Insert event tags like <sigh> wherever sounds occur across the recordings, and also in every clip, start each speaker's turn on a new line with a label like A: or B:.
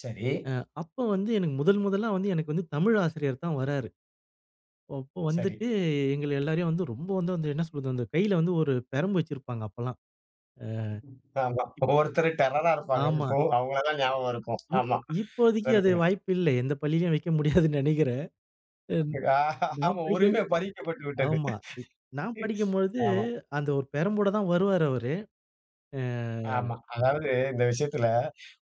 A: சரி.
B: ஆ. அப்போ வந்து எனக்கு முதல் முதலா வந்து எனக்கு வந்து தமிழ் ஆசிரியர் தான் வராரு. அப்போ
A: சரி.
B: வந்துட்டு எங்கள எல்லோரையும் வந்து ரொம்ப வந்து என்ன சொல்வது அந்த கையில வந்து ஒரு பிரம்பு வச்சிருப்பாங்க, அப்போலாம்.
A: ஆமா,
B: அ.
A: ஒவ்வொருத்தரு டெரரா இருப்பாங்க.
B: ஆமா.
A: இப்போ அவங்கள தான் ஞாபகம் இருக்கும்.
B: இப்
A: ஆமா.
B: இப்போதைக்கு அது
A: சொல்லுங்க.
B: வாய்ப்பு இல்ல. எந்த பள்ளியிலும் வைக்க முடியாதுனு நினைக்கிறேன். ம்
A: அ அஹஹ
B: நான் படிக்க
A: உரிமை பறிக்கப்பட்டு விட்டது.
B: ஆமா. நான் படிக்கும்பொழுது
A: ஆமா.
B: அந்த ஒரு பெரம்போடு தான் வருவார் அவரு. அ.
A: ஆமா. அதாவது இந்த விஷயத்தில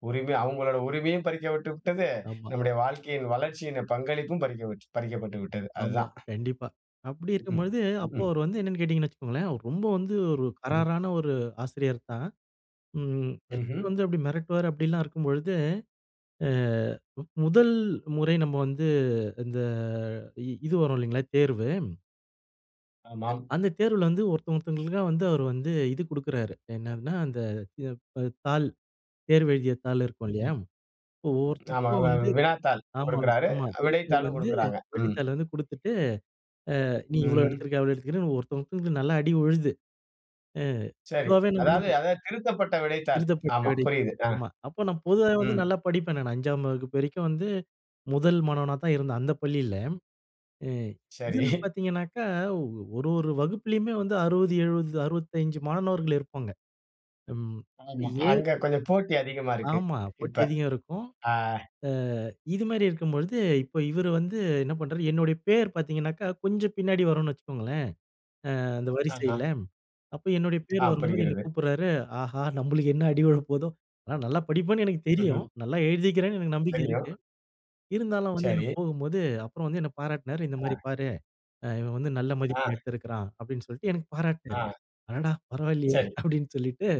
A: உரிமை அவங்களோட உரிமையும் பறிக்கப்பட்டு விட்டது.
B: ஆமா.
A: நம்முடைய வாழ்க்கையின் வளர்ச்சியின் பங்களிப்பும் பறிக்கப்பட்டு பறிக்கப்பட்டுவிட்டது.
B: ஆமா,
A: அதுதான்.
B: கண்டிப்பா. அப்டி இருக்கும் பொழுது அப்போ
A: <chuckles>
B: அவரு வந்து என்னனு கேட்டீங்கன்னா வெச்சுக்கோங்களேன், ரொம்ப வந்து ஒரு
A: ம்.
B: கராரான ஒரு ஆசிரியர் தான். ம் எல்லாரையும்
A: ம்ஹ்ம்.
B: வந்து அப்டி மிரட்டுவார் அப்டிலாம் இருக்கும் பொழுது அ முதல் முறை நம்ம வந்து இந்த இ இது வரும் இல்லைங்களா, தேர்வு. அ
A: ஆமாம்.
B: அந்த தேர்வுல வந்து ஒருத்தவங்க ஒருத்தவங்களுக்கா வந்து, அவரு வந்து இது கூடுக்கிறாரு என்னன்னா அந்த <unintelligible> தாள், தேர்வு எழுதிய தாள் இருக்கும் இல்லையா,
A: ஆமா,
B: ஒவ்வொருத்தவங்களுக்கும்
A: வ
B: வந்து
A: வினாத்தாள்
B: ஆமா,
A: கொடுக்கிறாரு.
B: ஆமா. விடைத்தாள்
A: விடைத்தாளும்
B: வந்து
A: கொடுக்கிறாங்க, ம்.
B: விடைத்தாள் வந்து கொடுத்துட்டு அ நீ இவ்வளோ
A: ம்ஹ்ம்.
B: எடுத்திருக்க, அவ்வளோ எடுத்துக்கிற ஒருத்தவங்களுக்கு நல்லா அடி விழுது. அ
A: சரி, அதாவது
B: <unintelligible>
A: அதாவது திருத்தப்பட்ட விடைத்தாள்.
B: திருதப்பட்டு
A: ஆமா
B: விடைத்தாள்
A: புரியுது, அ,
B: ஆமா அப்போ நா பொதுவாவே வந்து
A: ம்.
B: நல்லா படிப்பேன் நானு. 5 ஆம் வகுப்பு வரைக்கும் வந்து முதல் மாணவனா தான் இருந்தேன், அந்த பள்ளியில. அ
A: சரி.
B: இதில
A: <chuckles>
B: பார்த்தீங்கனாக்க ஒரு ஒரு வகுப்பிலேயுமே வந்து 60, 70, 65 மாணவர்கள் இருப்பாங்க. ம்,
A: ஆமா.
B: ஏ
A: அங்க கொஞ்சம் போட்டி அதிகமா இருக்கு,
B: ஆமா,
A: இப்ப
B: போட்டி அதிகம் இருக்கும்.
A: அ.
B: அ இது மாரி இருக்கும் பொழுது, இப்போ இவரு வந்து என்ன பண்றாரு என்னுடைய பேர் பார்த்தீங்கனாக்கா கொஞ்சம் பின்னாடி வரும்னு வச்சுக்கோங்களேன், அ அந்த
A: ஆஹ.
B: வரிசையில அப்போ என்னுடைய பேர்
A: ஆம்,
B: வரும்போது என்னை
A: புரிகிறது.
B: கூப்பிடுறாரு, ஆஹா நம்மளுக்கு என்ன அடி விழப்போகுதோ, ஆனா, நல்லா படிப்பேன்னு எனக்கு தெரியும்.
A: ம்ஹ்ம்.
B: நல்லா எழுதிக்கிறேன்னு எனக்கு நம்பிக்கை
A: தெரியும்.
B: இருக்கு. இருந்தாலும் வந்து எனக்கு
A: சரி.
B: போகும்போது அப்புறம் வந்து என்ன பாராட்னாரு, இந்த மாரி
A: ஆ.
B: பாரு அ இவன் வந்து நல்ல மதிப்பெண்
A: ஆ.
B: எடுத்திருக்கிறான், அப்படின்னு சொல்ட்டு எனக்கு பாராட்னாரு.
A: ஆ.
B: அடாடா, பரவால்லையே
A: சரி.
B: அப்படின்னு சொல்லிட்டு,